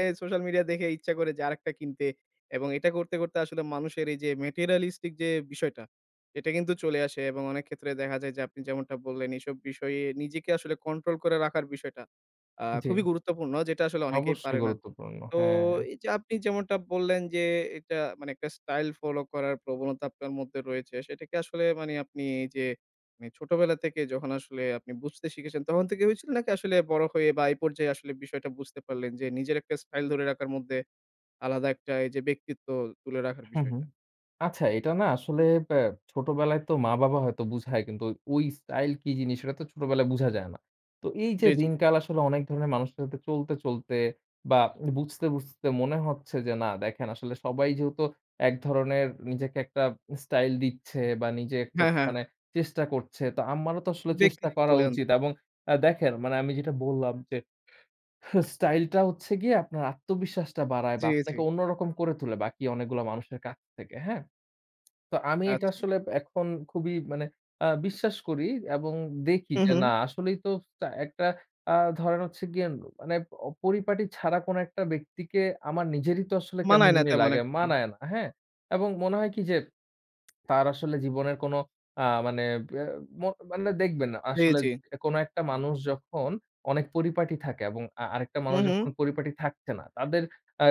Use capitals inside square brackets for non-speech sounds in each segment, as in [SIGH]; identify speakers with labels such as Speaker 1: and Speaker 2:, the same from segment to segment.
Speaker 1: এ social media দেখে ইচ্ছা করে যে আরেকটা কিনতে। এবং এটা করতে, করতে আসলে মানুষের এই যে materialistic যে বিষয়টা, এটা কিন্তু চলে আসে এবং অনেক ক্ষেত্রে দেখা যায় যে আপনি যেমনটা বললেন, এসব বিষয়ে নিজেকে আসলে কন্ট্রোল করে রাখার বিষয়টা। আ
Speaker 2: জি।
Speaker 1: খুবই গুরুত্বপূর্ণ যেটা আসলে অনেকেই
Speaker 2: অবশ্যই
Speaker 1: পারে না।
Speaker 2: গুরুত্বপূর্ণ,
Speaker 1: তো
Speaker 2: হ্যাঁ।
Speaker 1: এই যে আপনি যেমনটা বললেন যে এটা মানে একটা স্টাইল ফলো করার প্রবণতা আপনার মধ্যে রয়েছে, সেটা কি আসলে মানে আপনি এই যে মানে ছোটবেলা থেকে যখন আসলে আপনি বুঝতে শিখেছেন তখন থেকে হয়েছিল? নাকি আসলে বড় হয়ে বা এই পর্যায়ে আসলে বিষয়টা বুঝতে পারলেন? যে নিজের একটা স্টাইল ধরে রাখার মধ্যে আলাদা একটা এই যে ব্যক্তিত্ব তুলে রাখার
Speaker 2: হুম, হুম।
Speaker 1: বিষয়টা?
Speaker 2: আচ্ছা এটা না আসলে ব্যা ছোটবেলায় তো মা-বাবা হয়তো বুঝায় কিন্তু ওই স্টাইল কি জিনিস সেটা তো ছোটবেলায় বুঝা যায় না। তো এই
Speaker 1: জি,
Speaker 2: যে
Speaker 1: জি।
Speaker 2: দিনকাল আসলে অনেক ধরনের মানুষের সাথে চলতে, চলতে বা বুঝতে, বুঝতে মনে হচ্ছে যে না দেখেন আসলে সবাই যেহেতু এক ধরনের নিজেকে একটা স্টাইল দিচ্ছে বা নিজে একটা
Speaker 1: হ্যাঁ, হ্যাঁ।
Speaker 2: মানে চেষ্টা করছে তো আমারও তো আসলে চেষ্টা
Speaker 1: ব্যক্তিত্ব
Speaker 2: করা
Speaker 1: তুলে আন
Speaker 2: উচিত। এবং আ দেখেন, মানে আমি যেটা বললাম যে হ [YAWNS] স্টাইলটা হচ্ছে গিয়ে আপনার আত্মবিশ্বাসটা বাড়ায়
Speaker 1: জি,
Speaker 2: বা
Speaker 1: জি।
Speaker 2: আপনাকে অন্যরকম করে তুলে বাকি অনেকগুলা মানুষের কাছ থেকে। হ্যাঁ? [SMACKS LIPS] তো আমি এটা
Speaker 1: আচ্ছা।
Speaker 2: আসলে ব্য এখন খুবই মানে আ বিশ্বাস করি এবং দেখি
Speaker 1: হু,
Speaker 2: যে না
Speaker 1: হু।
Speaker 2: আসলেই তো টা একটা আ ধরেন হচ্ছে গিয়ে উম মানে অ পরিপাটি ছাড়া কোন একটা ব্যক্তিকে আমার নিজেরই তো আসলে কেমন
Speaker 1: মানায় না
Speaker 2: জানি
Speaker 1: তেমন
Speaker 2: লাগে।
Speaker 1: একটা।
Speaker 2: মানায় না। হ্যাঁ? এবং মনে হয় কি যে [SMACKS LIPS] তার আসলে জীবনের কোন আ মানে আ ম মানে দেখবেন না
Speaker 1: জি,
Speaker 2: আসলে
Speaker 1: জি।
Speaker 2: কোন একটা মানুষ যখন অনেক পরিপাটি থাকে এবং আ আরেকটা
Speaker 1: হু,
Speaker 2: মানুষ যখন
Speaker 1: হু।
Speaker 2: পরিপাটি থাকছে না। তাদের আ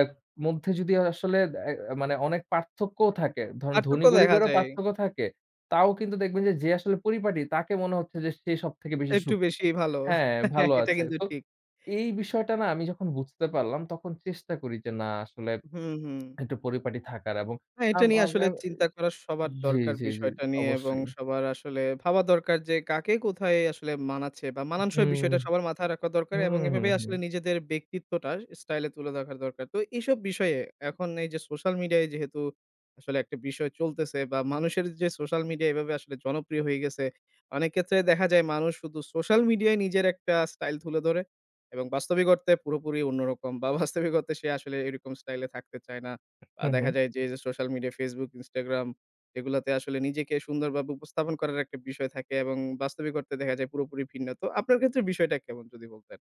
Speaker 2: মধ্যে যদি আসলে অ্যা অ্যা মানে অনেক পার্থক্যও থাকে। ধরেন
Speaker 1: পার্থক্য
Speaker 2: ধনী
Speaker 1: দেখা
Speaker 2: গরিবেরও
Speaker 1: যায়।
Speaker 2: পার্থক্য থাকে তাও কিন্তু দেখবেন যে, যে আসলে পরিপাটি তাকে মনে হচ্ছে যে সে সবথেকে বেশি
Speaker 1: একটু
Speaker 2: সুখী
Speaker 1: বেশিই ভালো।
Speaker 2: হ্যাঁ, ভালো
Speaker 1: [CHUCKLES] এটা
Speaker 2: আছে।
Speaker 1: কিন্তু
Speaker 2: তো
Speaker 1: ঠিক।
Speaker 2: এই বিষয়টা না আমি যখন বুঝতে পারলাম তখন চেষ্টা করি যে না আসলে
Speaker 1: হু, হু।
Speaker 2: একটু পরিপাটি থাকার এবং
Speaker 1: হ্যাঁ, এটা নিয়ে আসলে চিন্তা করা
Speaker 2: [UNINTELLIGIBLE]
Speaker 1: সবার
Speaker 2: জি,
Speaker 1: দরকার
Speaker 2: জি, জি
Speaker 1: বিষয়টা নিয়ে এবং
Speaker 2: অবশ্যই।
Speaker 1: সবার আসলে ভাবা দরকার যে কাকে কোথায় আসলে মানাচ্ছে, বা মানানসই
Speaker 2: উহুম।
Speaker 1: বিষয়টা সবার মাথায় রাখা দরকার
Speaker 2: হুম,
Speaker 1: এবং এভাবে
Speaker 2: হুম,
Speaker 1: আসলে
Speaker 2: হুম।
Speaker 1: নিজেদের ব্যক্তিত্বটা স্টাইল এ তুলে দেখার দরকার। তো এইসব বিষয়ে এখন এই যে সোশ্যাল মিডিয়ায় যেহেতু আসলে একটা বিষয় চলতেছে বা মানুষের যে সোশ্যাল মিডিয়া এভাবে আসলে জনপ্রিয় হয়ে গেছে, অনেক ক্ষেত্রে দেখা যায় মানুষ শুধু সোশ্যাল মিডিয়ায় নিজের একটা স্টাইল তুলে ধরে। এবং বাস্তবিক অর্থে পুরোপুরি অন্যরকম, বা বাস্তবিক অর্থে সে আসলে এরকম স্টাইল এ থাকতে চায় না। আ
Speaker 2: হু,
Speaker 1: দেখা
Speaker 2: হু।
Speaker 1: যায় যে এই যে সোশ্যাল মিডিয়া, Facebook, Instagram এগুলাতে আসলে নিজেকে সুন্দরভাবে উপস্থাপন করার একটা বিষয় থাকে এবং বাস্তবিক অর্থে দেখা যায় পুরোপুরি ভিন্ন। তো আপনার ক্ষেত্রে বিষয়টা কেমন? যদি বলতেন।